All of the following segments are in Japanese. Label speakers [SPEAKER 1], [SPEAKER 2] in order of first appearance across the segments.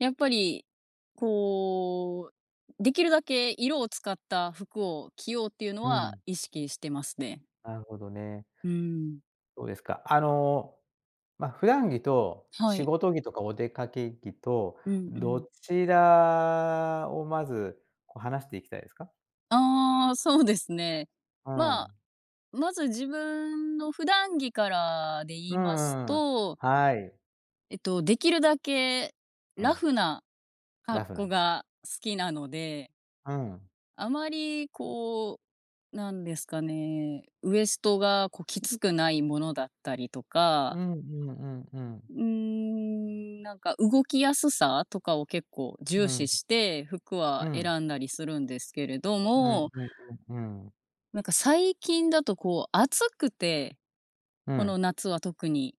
[SPEAKER 1] やっぱり、こう、できるだけ色を使った服を着ようっていうの
[SPEAKER 2] う
[SPEAKER 1] は
[SPEAKER 2] ん。
[SPEAKER 1] 意識してますね。
[SPEAKER 2] なるほどね。
[SPEAKER 1] うーん。
[SPEAKER 2] そうですか、あの、ま、普段着と、
[SPEAKER 1] は
[SPEAKER 2] 仕
[SPEAKER 1] い。
[SPEAKER 2] 事着とかお出かけ着と、
[SPEAKER 1] うんう
[SPEAKER 2] ど
[SPEAKER 1] ん。
[SPEAKER 2] ちらをまず、こ、話していきたいですか？
[SPEAKER 1] ああ、そうですね。
[SPEAKER 2] う
[SPEAKER 1] まあ、
[SPEAKER 2] ん。
[SPEAKER 1] まず自分の普段着からで言
[SPEAKER 2] うんう
[SPEAKER 1] います
[SPEAKER 2] んうん。
[SPEAKER 1] と
[SPEAKER 2] はい。
[SPEAKER 1] えっと、できるだけ、
[SPEAKER 2] う
[SPEAKER 1] ラ
[SPEAKER 2] ん。
[SPEAKER 1] フな
[SPEAKER 2] ラ
[SPEAKER 1] 格
[SPEAKER 2] フな
[SPEAKER 1] 好
[SPEAKER 2] の。
[SPEAKER 1] が好きなので
[SPEAKER 2] うん。
[SPEAKER 1] あまり、こう、なんですかね、ウエストが、こ、きつくないものだったりと
[SPEAKER 2] う
[SPEAKER 1] か。
[SPEAKER 2] んうんうんうん。
[SPEAKER 1] うーん、なんか、動きやすさとかを結構
[SPEAKER 2] う
[SPEAKER 1] 重視
[SPEAKER 2] ん。
[SPEAKER 1] して、服
[SPEAKER 2] う
[SPEAKER 1] は
[SPEAKER 2] ん。
[SPEAKER 1] 選んだりするんですけれど
[SPEAKER 2] うん
[SPEAKER 1] も。
[SPEAKER 2] うんうんうん。
[SPEAKER 1] なんか、最近だと、こう、暑くて、
[SPEAKER 2] う
[SPEAKER 1] こ
[SPEAKER 2] ん。
[SPEAKER 1] の夏は特に。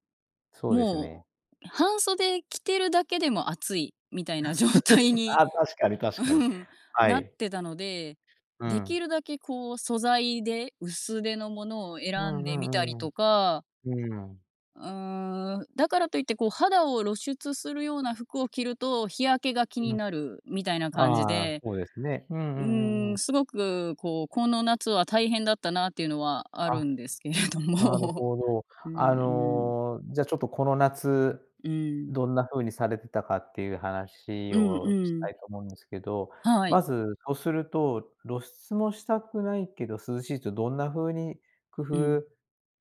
[SPEAKER 2] そうですね。
[SPEAKER 1] もう半袖着てるだけでも暑いみたいな状態 に、
[SPEAKER 2] ああ、確かに、確
[SPEAKER 1] う
[SPEAKER 2] かに。
[SPEAKER 1] ん、
[SPEAKER 2] は
[SPEAKER 1] なっ
[SPEAKER 2] い。
[SPEAKER 1] てたので、
[SPEAKER 2] う
[SPEAKER 1] でき
[SPEAKER 2] ん。
[SPEAKER 1] るだけ、こう、素材で薄手のものを
[SPEAKER 2] う
[SPEAKER 1] 選ん
[SPEAKER 2] んう
[SPEAKER 1] でみたり
[SPEAKER 2] んうんうん。
[SPEAKER 1] とか。
[SPEAKER 2] うーん。
[SPEAKER 1] うーん、だからといって、こう、肌を露出するような服を着ると、日焼けが気
[SPEAKER 2] う
[SPEAKER 1] に
[SPEAKER 2] ん。
[SPEAKER 1] なるみたいな感じ
[SPEAKER 2] ああ、
[SPEAKER 1] で。
[SPEAKER 2] そうですね。うんう
[SPEAKER 1] う
[SPEAKER 2] んうん
[SPEAKER 1] ー
[SPEAKER 2] う
[SPEAKER 1] ん、
[SPEAKER 2] ん。
[SPEAKER 1] すごく、こう、この夏は大変だったなっていうのはあ
[SPEAKER 2] あ。
[SPEAKER 1] るんですけれど
[SPEAKER 2] なる
[SPEAKER 1] も。
[SPEAKER 2] ほど。
[SPEAKER 1] うん
[SPEAKER 2] あ
[SPEAKER 1] うん。
[SPEAKER 2] の、じゃ、ちょっとこの夏、
[SPEAKER 1] うーん。
[SPEAKER 2] どんな風にされてたかっていう話
[SPEAKER 1] うんう
[SPEAKER 2] をした
[SPEAKER 1] ん。
[SPEAKER 2] いと思うんですけど、
[SPEAKER 1] は
[SPEAKER 2] ま
[SPEAKER 1] い。
[SPEAKER 2] ず、とすると、露出もしたくないけど涼しいって、どんな風に工
[SPEAKER 1] うん。
[SPEAKER 2] 夫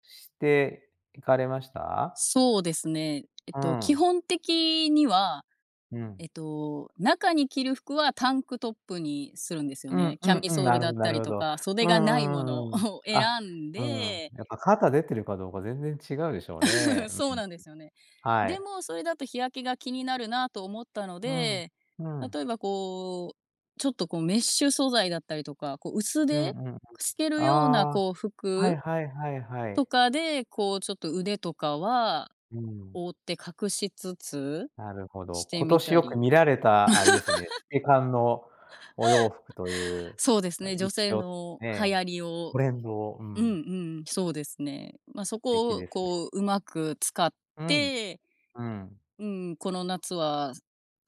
[SPEAKER 2] していかれました？
[SPEAKER 1] そうですね。えっ
[SPEAKER 2] う
[SPEAKER 1] と、基
[SPEAKER 2] ん。
[SPEAKER 1] 本的には、
[SPEAKER 2] うん。
[SPEAKER 1] えっと、中に着る服はタンクトップにするんですよ
[SPEAKER 2] うん
[SPEAKER 1] ね。
[SPEAKER 2] う
[SPEAKER 1] キャ
[SPEAKER 2] ん
[SPEAKER 1] ミ
[SPEAKER 2] うん。
[SPEAKER 1] ソー
[SPEAKER 2] な
[SPEAKER 1] ル
[SPEAKER 2] る
[SPEAKER 1] だ
[SPEAKER 2] ほ
[SPEAKER 1] っ
[SPEAKER 2] どな
[SPEAKER 1] た
[SPEAKER 2] る
[SPEAKER 1] り
[SPEAKER 2] ほ
[SPEAKER 1] と
[SPEAKER 2] ど。
[SPEAKER 1] か、
[SPEAKER 2] う
[SPEAKER 1] 袖がないもの
[SPEAKER 2] んうんう
[SPEAKER 1] を
[SPEAKER 2] んうん。
[SPEAKER 1] 選
[SPEAKER 2] あ、
[SPEAKER 1] ん
[SPEAKER 2] うーん、
[SPEAKER 1] で。
[SPEAKER 2] やっぱ肩出てるかどうか全然違うでしょうね。うん
[SPEAKER 1] そ
[SPEAKER 2] う
[SPEAKER 1] う
[SPEAKER 2] んうん。
[SPEAKER 1] なんですよね。
[SPEAKER 2] は
[SPEAKER 1] で
[SPEAKER 2] い。
[SPEAKER 1] も、それだと日焼けが気になるなと思ったの
[SPEAKER 2] うん。
[SPEAKER 1] で、
[SPEAKER 2] うん。
[SPEAKER 1] 例えば、こう、ちょっと、こ、メッシュ素材だったりとか、こ、薄
[SPEAKER 2] うん
[SPEAKER 1] 手、
[SPEAKER 2] うんうん。
[SPEAKER 1] 透けるような、
[SPEAKER 2] ああ、
[SPEAKER 1] こう、
[SPEAKER 2] はい
[SPEAKER 1] 服
[SPEAKER 2] はいはいは
[SPEAKER 1] と
[SPEAKER 2] い。
[SPEAKER 1] かで、こう、ちょっと腕とかは
[SPEAKER 2] うーん。
[SPEAKER 1] 覆って隠しつつ
[SPEAKER 2] なるほど。
[SPEAKER 1] して
[SPEAKER 2] 今
[SPEAKER 1] み
[SPEAKER 2] 年
[SPEAKER 1] た
[SPEAKER 2] よく
[SPEAKER 1] り。
[SPEAKER 2] 見られた、あれですよね。透 け感のお洋服とい う、
[SPEAKER 1] そうです
[SPEAKER 2] あ、
[SPEAKER 1] ね、女
[SPEAKER 2] 一
[SPEAKER 1] 性
[SPEAKER 2] 応
[SPEAKER 1] の流
[SPEAKER 2] ね、
[SPEAKER 1] 行りを
[SPEAKER 2] トレンドを、う
[SPEAKER 1] うん
[SPEAKER 2] ん。
[SPEAKER 1] うん、そうですね。ま、そ
[SPEAKER 2] 素敵
[SPEAKER 1] こを、
[SPEAKER 2] ですね。
[SPEAKER 1] こう、上手く使っ
[SPEAKER 2] うん。
[SPEAKER 1] て、
[SPEAKER 2] うん。
[SPEAKER 1] うーん、この夏は、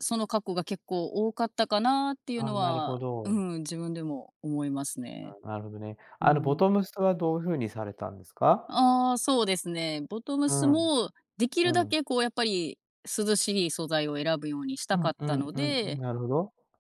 [SPEAKER 1] そのカッコが結構多かったかなっていう
[SPEAKER 2] あ、
[SPEAKER 1] の
[SPEAKER 2] なるほ
[SPEAKER 1] は、うー
[SPEAKER 2] ど。
[SPEAKER 1] ん、自分でも思いますね。
[SPEAKER 2] なるほどね。
[SPEAKER 1] うー
[SPEAKER 2] あの、ボ
[SPEAKER 1] ん。
[SPEAKER 2] トムスはどう風にされたんですか？
[SPEAKER 1] ああ、そうですね。ボトム
[SPEAKER 2] う
[SPEAKER 1] ス
[SPEAKER 2] ん。
[SPEAKER 1] もでき
[SPEAKER 2] う
[SPEAKER 1] るだ
[SPEAKER 2] ん。
[SPEAKER 1] け、こう、やっぱり、涼しい素材を選ぶようにし
[SPEAKER 2] う
[SPEAKER 1] たか
[SPEAKER 2] ん
[SPEAKER 1] っ
[SPEAKER 2] う
[SPEAKER 1] た
[SPEAKER 2] ん
[SPEAKER 1] の
[SPEAKER 2] うん、
[SPEAKER 1] で
[SPEAKER 2] なるほど。